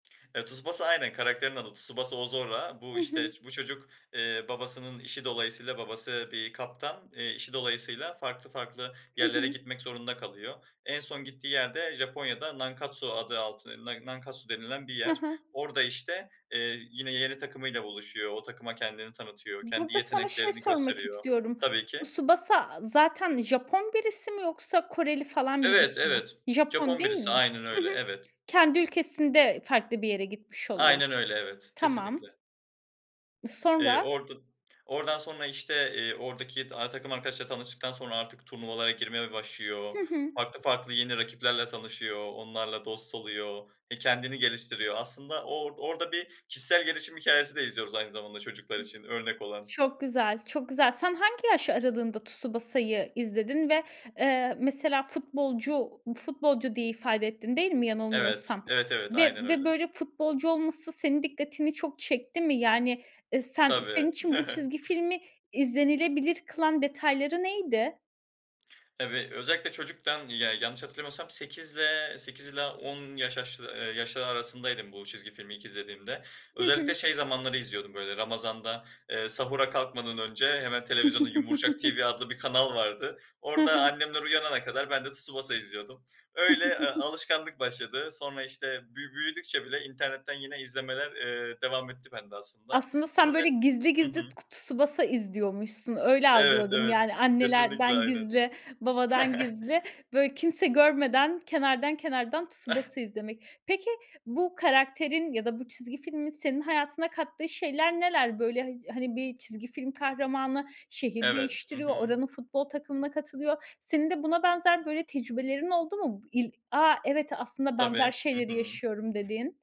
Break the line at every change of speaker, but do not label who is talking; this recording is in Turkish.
Ya, Tsubasa Aynen, karakterin adı Tsubasa Oozora.
Hı
Bu, işte,
hı.
iş bu çocuk, eee, babasının işi dolayısıyla babası bir kaptan, eee, işi dolayısıyla farklı farklı
Hı
yerlere
hı.
gitmek zorunda kalıyor. En son gittiği yer de Japonya'da Nankatsu adı altı N Nankatsu denilen bir
Ha
yer.
ha.
Orada, işte, eee, yine yeni takımıyla buluşuyor, o takıma kendini tanıtıyor, kendi
Burada sana şey
yeteneklerini
sormak
gösteriyor.
istiyorum.
Tabii ki.
Tsubasa zaten Japon birisi mi yoksa Koreli falan
Evet,
birisi mi?
evet.
Japon,
Japon
değil
birisi
mi?
aynen
Hı
öyle,
hı.
evet.
Kendi ülkesinde farklı bir yere gitmiş oluyor.
Aynen öyle, evet,
Tamam.
kesinlikle.
Iıı,
Eee,
sonra?
orada oradan sonra, işte, eee, oradaki, aaa, takım arkadaşla tanıştıktan sonra artık turnuvalara girmeye
Hı
başlıyor.
hı.
Farklı farklı yeni rakiplerle tanışıyor, onlarla dost oluyor, he kendini geliştiriyor. Aslında o or orada bir kişisel gelişim hikâyesi de izliyoruz aynı zamanda çocuklar
Hı.
için örnek olan.
Çok güzel, çok güzel. Sen hangi yaş aralığında Tsubasa'yı izledin ve, eee, mesela futbolcu, futbolcu diye ifade ettin, değil mi
Evet.
yanılmıyorsam
Evet evet,
ve
aynen öyle.
ve böyle futbolcu olması senin dikkatini çok çekti mi? Yani, eee, sen
Tabii.
senin için bu çizgi filmi izlenilebilir kılan detayları neydi?
Tabii. Özellikle çocukken, ya yanlış hatırlamıyorsam 8'le 8 ile 10 yaş yaş eee, yaşları arasındaydım bu çizgi filmi ilk izlediğimde.
Hı
Özellikle
hı.
şey zamanları izliyordum, böyle, Ramazan'da, eee, sahura kalkmadan önce hemen televizyonda Yumurcak TV adlı bir kanal vardı.
Ha
Orada
ha.
annemler uyanana kadar ben de Tsubasa izliyordum. Öyle, eee, alışkanlık başladı. Sonra, işte, bü büyüdükçe bile internetten yine izlemeler, eee, devam etti bende aslında.
Aslında sen
Bunun net
böyle gizli
Hı
gizli
hı.
k Tsubasa izliyormuşsun, öyle
Evet,
algıladım
evet,
yani,
kesinlikle
annelerden
aynen.
gizli, babadan gizli, böyle, kimse görmeden kenardan kenardan Tsubasa izlemek. Peki bu karakterin ya da bu çizgi filmin senin hayatına kattığı şeyler neler? Böyle hay hani bir çizgi film kahramanı şehir
Evet. Hı
değiştiriyor,
hı.
oranın futbol takımına katılıyor. Senin de buna benzer böyle tecrübelerin oldu mu? Bu il a, evet, aslında benzer
Tabii. Hı
şeyleri
hı.
yaşıyorum dediğin?